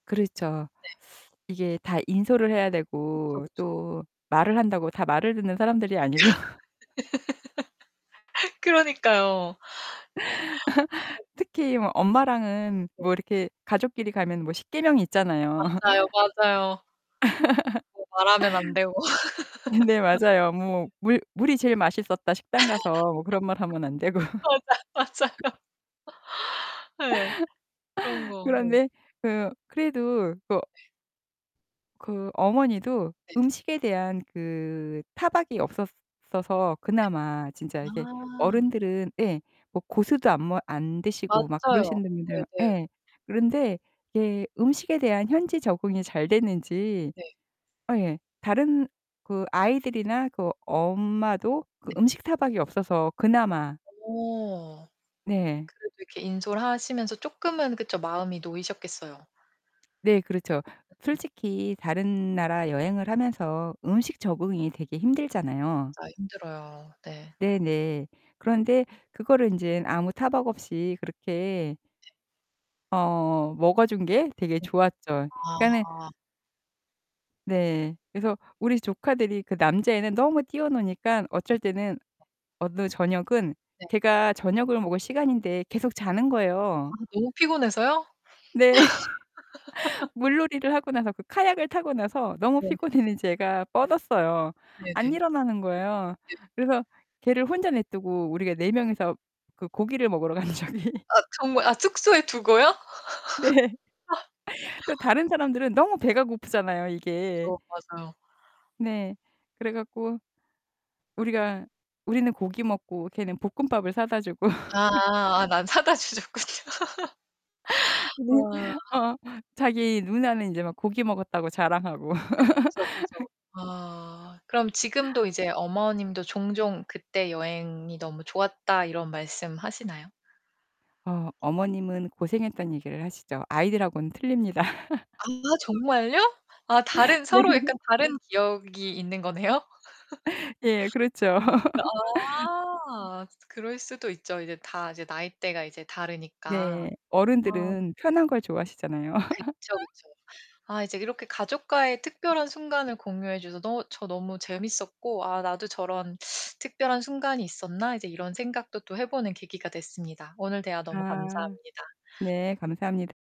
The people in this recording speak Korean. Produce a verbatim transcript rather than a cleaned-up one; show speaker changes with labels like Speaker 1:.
Speaker 1: 그렇죠.
Speaker 2: 네.
Speaker 1: 이게 다 인솔을 해야
Speaker 2: 그쵸,
Speaker 1: 되고
Speaker 2: 그쵸.
Speaker 1: 또 말을 한다고 다 말을 듣는 사람들이 아니고
Speaker 2: 그러니까요. 예.
Speaker 1: 특히 뭐 엄마랑은
Speaker 2: 네.
Speaker 1: 뭐 이렇게 가족끼리 가면 뭐 십 계명이 있잖아요.
Speaker 2: 맞아요, 맞아요. 뭐 말하면 안 되고
Speaker 1: 음 네. 맞아요. 뭐
Speaker 2: 음.
Speaker 1: "물 물이 제일 맛있었다." 식당 가서 뭐 그런 말 하면 안 되고.
Speaker 2: 맞아, 맞아요. 예. 그런 거 네.
Speaker 1: 그런데 그 그래도 그거
Speaker 2: 네.
Speaker 1: 그 어머니도
Speaker 2: 네.
Speaker 1: 음식에 대한 그 타박이 없었어서
Speaker 2: 네.
Speaker 1: 그나마 진짜 이게
Speaker 2: 아.
Speaker 1: 어른들은 예 뭐 고수도 안 뭐 안 드시고 막
Speaker 2: 맞아요.
Speaker 1: 그러시는 분들
Speaker 2: 네네.
Speaker 1: 예 그런데 이게 음식에 대한 현지 적응이 잘 됐는지
Speaker 2: 네.
Speaker 1: 아 예 다른 그 아이들이나 그 엄마도 그
Speaker 2: 네.
Speaker 1: 음식 타박이 없어서 그나마
Speaker 2: 어.
Speaker 1: 네.
Speaker 2: 그래도 이렇게 인솔하시면서 쪼금은 그쵸 마음이 놓이셨겠어요.
Speaker 1: 네. 그렇죠. 솔직히 다른 나라 여행을 하면서 음식 적응이 되게 힘들잖아요.
Speaker 2: 맞아, 힘들어요. 네.
Speaker 1: 네네. 그런데 그거를 인제 아무 타박 없이 그렇게
Speaker 2: 네.
Speaker 1: 어 먹어 준 게 되게
Speaker 2: 음.
Speaker 1: 좋았죠. 그러니까는
Speaker 2: 아.
Speaker 1: 네. 그래서 우리 조카들이 그 남자애는 너무 뛰어 노니깐
Speaker 2: 네.
Speaker 1: 어쩔 때는
Speaker 2: 아.
Speaker 1: 어느 저녁은
Speaker 2: 네.
Speaker 1: 걔가 저녁을 먹을 시간인데 계속 자는
Speaker 2: 아
Speaker 1: 거예요.
Speaker 2: 너무 피곤해서요?
Speaker 1: 네. 물놀이를 하고 나서 그 카약을 타고 나서 너무
Speaker 2: 네.
Speaker 1: 피곤했는지 애가
Speaker 2: 네.
Speaker 1: 뻗었어요. 안
Speaker 2: 네네.
Speaker 1: 일어나는 거예요.
Speaker 2: 네.
Speaker 1: 그래서 걔를 혼자 내버려 두고 우리가 네 명이서 그 고기를 먹으러 간 적이
Speaker 2: 아 정말 아 숙소에 두고요?
Speaker 1: 네. 또 다른 사람들은 너무 배가 고프잖아요 이게.
Speaker 2: 그쵸 맞아요.
Speaker 1: 네. 그래 갖고 우리가 우리는 고기 먹고 걔는 볶음밥을 사다 주고
Speaker 2: 아 난 사다 주셨군요.
Speaker 1: 네.
Speaker 2: 아.
Speaker 1: 어 자기 누나는 인제 막 고기 먹었다고 자랑하고
Speaker 2: 그쵸, 그쵸. 아. 그럼 지금도 이제 어머님도 종종 "그때 여행이 너무 좋았다." 이런 말씀 하시나요?
Speaker 1: 어 어머님은 고생했단 얘기를 하시죠. 아이들하고는 틀립니다.
Speaker 2: 아 정말요? 아 다른
Speaker 1: 네.
Speaker 2: 서로 약간 다른 기억이 있는 거네요?
Speaker 1: 예. 그렇죠.
Speaker 2: 아. 그럴 수도 있죠, 이제 다 이제 나이대가 이제 다르니까.
Speaker 1: 네.
Speaker 2: 아.
Speaker 1: 어른들은 편한 걸 좋아하시잖아요.
Speaker 2: 그쵸, 그쵸. 아 이제 이렇게 가족과의 특별한 순간을 공유해 주셔 너 저 너무 재밌었고 '아, 나도 저런 특별한 순간이 있었나?' 이제 이런 생각도 또 해 보는 계기가 됐습니다. 오늘 대화 너무
Speaker 1: 아
Speaker 2: 감사합니다.
Speaker 1: 네. 감사합니